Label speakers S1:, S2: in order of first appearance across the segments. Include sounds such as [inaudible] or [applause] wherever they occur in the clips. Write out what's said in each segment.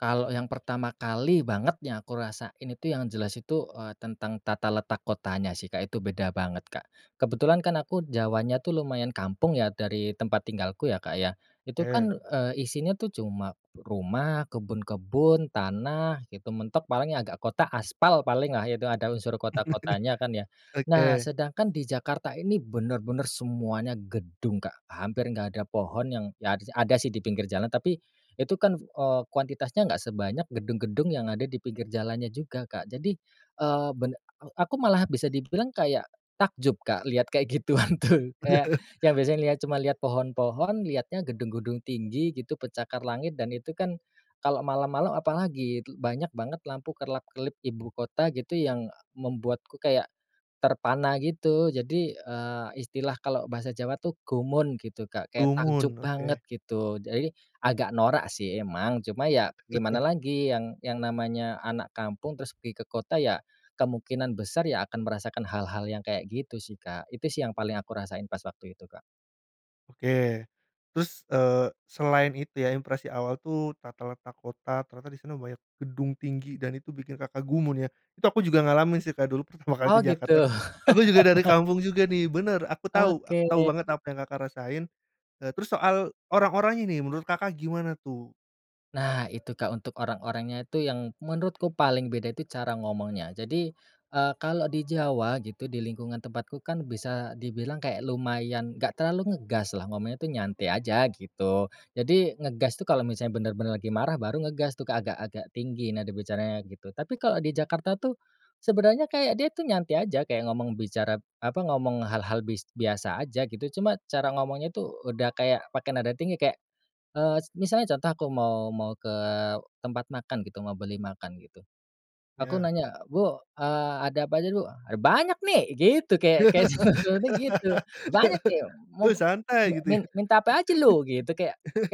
S1: Kalau yang pertama kali banget yang aku rasain itu, yang jelas itu, eee, tentang tata letak kotanya sih, Kak. Itu beda banget, Kak. Kebetulan kan aku Jawanya tuh lumayan kampung ya, dari tempat tinggalku ya, Kak, ya. Itu kan,
S2: Oke.
S1: eee, isinya tuh cuma rumah, kebun-kebun, tanah gitu mentok. Paling ya agak kota, aspal paling lah, itu ada unsur kota-kotanya kan, ya.
S2: [laughs]
S1: Nah,
S2: Oke.
S1: sedangkan di Jakarta ini bener-bener semuanya gedung, Kak. Hampir enggak ada pohon yang, ya ada sih di pinggir jalan, tapi itu kan, eee, kuantitasnya enggak sebanyak gedung-gedung yang ada di pinggir jalannya juga, Kak. Jadi, eee, ben a aku malah bisa dibilang kayak takjub, Kak, lihat kayak gituan tuh.
S2: Bener.
S1: Kayak
S2: [chuckles]
S1: yang biasanya cuma lihat pohon-pohon, lihatnya gedung-gedung tinggi gitu, pencakar langit. Dan itu kan kalau malam-malam, apalagi lagi itu banyak banget lampu kerlap-kerlip ibukota gitu, yang, e membuatku kayak terpana gitu. Jadi, eee, istilah kalau bahasa Jawa tuh gumun gitu, Kak, kayak takjub
S2: Gumun oke.
S1: banget gitu. Jadi agak norak sih emang, cuma ya gimana
S2: [laughs]
S1: lagi, yang yang namanya anak kampung terus pergi ke kota ya kemungkinan besar ya akan merasakan hal-hal yang kayak gitu sih, Kak. Itu sih yang paling aku rasain pas waktu itu, Kak.
S2: Oke, terus, eee, selain itu ya, impresi awal tuh tata letak kota. Ternyata di sana banyak gedung tinggi, dan itu bikin Kakak gumun, ya. Itu aku juga ngalamin sih, Kak. Dulu pertama kali ke
S1: Oh gitu.
S2: Jakarta. Aku juga dari kampung juga nih, bener.
S1: [laughs]
S2: Aku tahu
S1: Oke.
S2: aku tahu banget apa yang Kakak rasain. Eee, terus soal orang-orangnya nih, menurut Kakak gimana tuh?
S1: Nah, itu, Kak. Untuk orang-orangnya itu, yang menurutku paling beda itu, cara ngomongnya. Jadi, eee, kalau di Jawa gitu, di lingkungan tempatku kan bisa dibilang kayak lumayan, enggak terlalu ngegas lah. Ngomongnya tuh nyantai aja gitu. Jadi ngegas tuh kalau misalnya bener-bener lagi marah, baru ngegas tuh agak-agak tinggi, nada bicara gitu. Tapi kalau di Jakarta tuh, sebenarnya kayak dia tuh nyantai aja, kayak ngomong, bicara apa, ngomong hal-hal bis biasa aja gitu. Cuma cara ngomongnya itu udah kayak pakai nada tinggi. Kayak, eee, misalnya contoh aku mau mau ke tempat makan gitu, mau beli makan gitu. Aku
S2: Iya.
S1: nanya, "Bu, eee, ada apa aja, Bu? Ada banyak nih," gitu. Kayak kayak sinetronnya gitu, "Banyak nih,
S2: [laughs] Bu
S1: mau
S2: santai gitu
S1: mi
S2: ya.
S1: minta apa aja lu?" Gitu.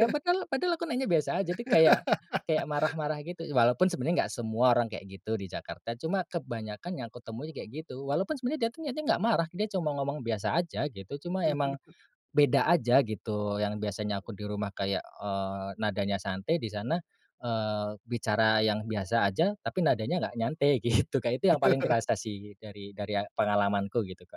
S1: Ya, padahal aku nanya biasa aja, jadi kayak
S2: [laughs]
S1: marah-marah gitu. Walaupun sebenarnya enggak semua orang kayak gitu di Jakarta, cuma kebanyakan yang kutemui kayak gitu. Walaupun sebenarnya dia niatnya enggak marah, dia cuma ngomong biasa aja gitu. Cuma emang
S2: [laughs]
S1: beda aja gitu. Yang biasanya aku di rumah kayak, eee, nadanya santai, di sana, eee, bicara yang biasa aja tapi nadanya enggak nyantai gitu, Kak. Itu yang paling
S2: [laughs]
S1: terasa sih dari dari pengalaman ku gitu, Kak.